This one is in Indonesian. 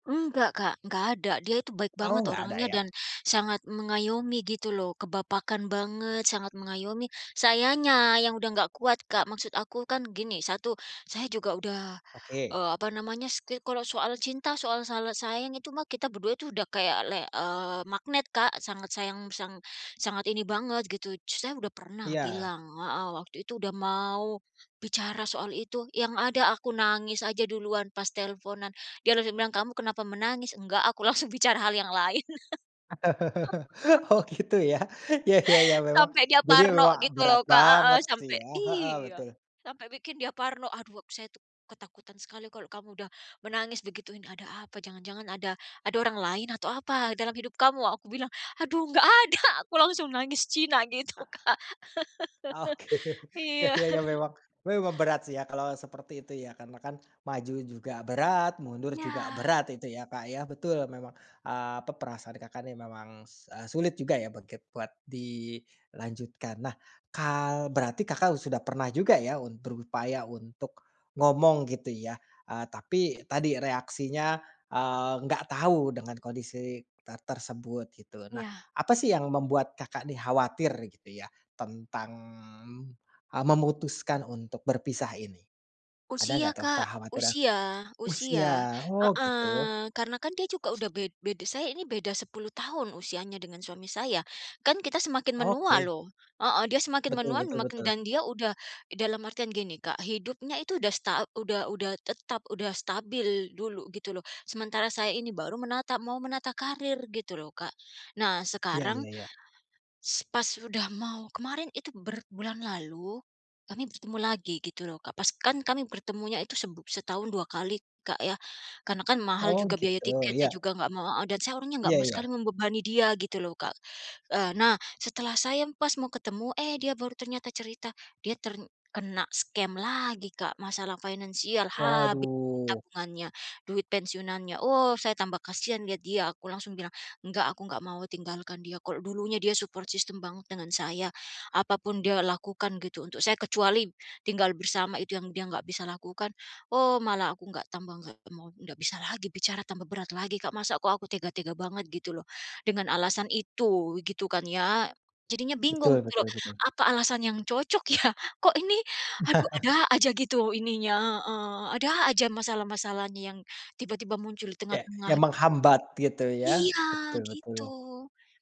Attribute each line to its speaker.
Speaker 1: Enggak Kak, nggak ada, dia itu baik
Speaker 2: Oh,
Speaker 1: banget
Speaker 2: enggak ada
Speaker 1: orangnya
Speaker 2: ya?
Speaker 1: dan sangat mengayomi gitu loh, kebapakan banget, sangat mengayomi. Sayanya yang sudah enggak kuat Kak. Maksud aku kan gini, 1, saya juga sudah
Speaker 2: Oke.
Speaker 1: eee, apa namanya, setiap kalau soal cinta, soal salah sayang itu mah kita berdua itu udah kayak le eee, magnet Kak. Sangat sayang, sang sangat ini banget gitu. Saya sudah pernah
Speaker 2: Iya.
Speaker 1: bilang heeh, waktu itu sudah mau bicara soal itu, yang ada aku nangis aja duluan pas teleponan. Dia terus bilang, "Kamu kenapa menangis?" "Enggak," aku langsung bicara hal yang lain.
Speaker 2: Oh gitu ya, iya iya iya mema
Speaker 1: Sampai dia
Speaker 2: jadi
Speaker 1: parno
Speaker 2: wah,
Speaker 1: gitu
Speaker 2: berat
Speaker 1: loh Kak heeh,
Speaker 2: banget sih
Speaker 1: sampai
Speaker 2: ya, heeh,
Speaker 1: iya,
Speaker 2: betul.
Speaker 1: sampai bikin dia parno, "Aduh ak saya tuh ketakutan sekali kalau kamu udah menangis," digituin. "Ada apa? Jangan-jangan ada, ada orang lain atau apa dalam hidup kamu?" aku bilang, "Aduh enggak ada!" aku langsung nangis Cina gitu Kak.
Speaker 2: Oke, iya
Speaker 1: Iya.
Speaker 2: iya memang memang berat sih ya, kalau seperti itu ya, karena kan maju juga berat, mundur juga
Speaker 1: Iya.
Speaker 2: berat itu ya Kak ya. Betul memang, eee, pe perasaan Kakak nih memang, se eee, sulit juga ya buat kit buat dilanjutkan. Nah kal berarti Kakak sudah pernah juga ya untru upaya untuk ngomong gitu ya, eee, tapi tadi reaksinya, eee, enggak tahu dengan kondisi ter tersebut gitu loh. Nah,
Speaker 1: Iya.
Speaker 2: apa sih yang membuat Kakak nih khawatir gitu ya, tentang, eee, memutuskan untuk berpisah ini? Ada
Speaker 1: Usia
Speaker 2: enggak tuh
Speaker 1: Kak,
Speaker 2: kekhawatiran
Speaker 1: usia usia,
Speaker 2: usia, oh gitu.
Speaker 1: heeh. Karena kan dia juga sudah bed beda. Saya ini beda 10 tahun usianya dengan suami saya. Kan kita semakin menua
Speaker 2: Oke.
Speaker 1: loh, heeh, dia semakin
Speaker 2: Betul
Speaker 1: menua
Speaker 2: betul
Speaker 1: makin
Speaker 2: betul.
Speaker 1: dan dia sudah dalam artian gini Kak, hidupnya itu sudah sta udah udah tetap, sudah stabil dulu gitu loh, sementara saya ini baru menata mau menata karir gitu loh Kak. Nah
Speaker 2: Iya
Speaker 1: sekarang,
Speaker 2: iya iya.
Speaker 1: s pas sudah mau kemarin itu ber bulan lalu, kami bertemu lagi gitu loh Kak, pas kan kami bertemunya itu seb setahun 2 kali Kak ya. Karena kan mahal
Speaker 2: Oh
Speaker 1: juga biaya
Speaker 2: gitu.
Speaker 1: tiketnya,
Speaker 2: Iya.
Speaker 1: juga nggak mau adat saya orangnya nggak
Speaker 2: Iya
Speaker 1: mau
Speaker 2: iya.
Speaker 1: sekali membebani dia gitu loh Kak. Eee, nah setelah saya pas mau ketemu, eh dia baru ternyata cerita, dia terkena scam lagi Kak, masalah finansial habis
Speaker 2: Waduh.
Speaker 1: tabungannya, duit pensiunannya. Oh saya tambah kasihan lihat dia, aku langsung bilang, "Enggak, aku enggak mau tinggalkan dia," kalau dulunya dia support system banget dengan saya. Apa pun dia lakukan gitu untuk saya, kecuali tinggal bersama itu yang dia enggak bisa lakukan. Oh malah aku enggak tambah enggak mau, ndak bisa lagi bicara tambah berat lagi Kak. Masa kok aku tega-tega banget gitu loh, dengan alasan itu gitu kan ya, jadinya bingung
Speaker 2: Betul
Speaker 1: gitu loh.
Speaker 2: betul betul.
Speaker 1: Apa alasan yang cocok ya? Kok ini, aduh ada aja gitu ininya, heeh, ada aja masalah-masalahnya yang tiba-tiba muncul di
Speaker 2: Ya,
Speaker 1: tengah-tengah
Speaker 2: yang
Speaker 1: gitu.
Speaker 2: menghambat gitu ya,
Speaker 1: Iya
Speaker 2: betul betul.
Speaker 1: gitu.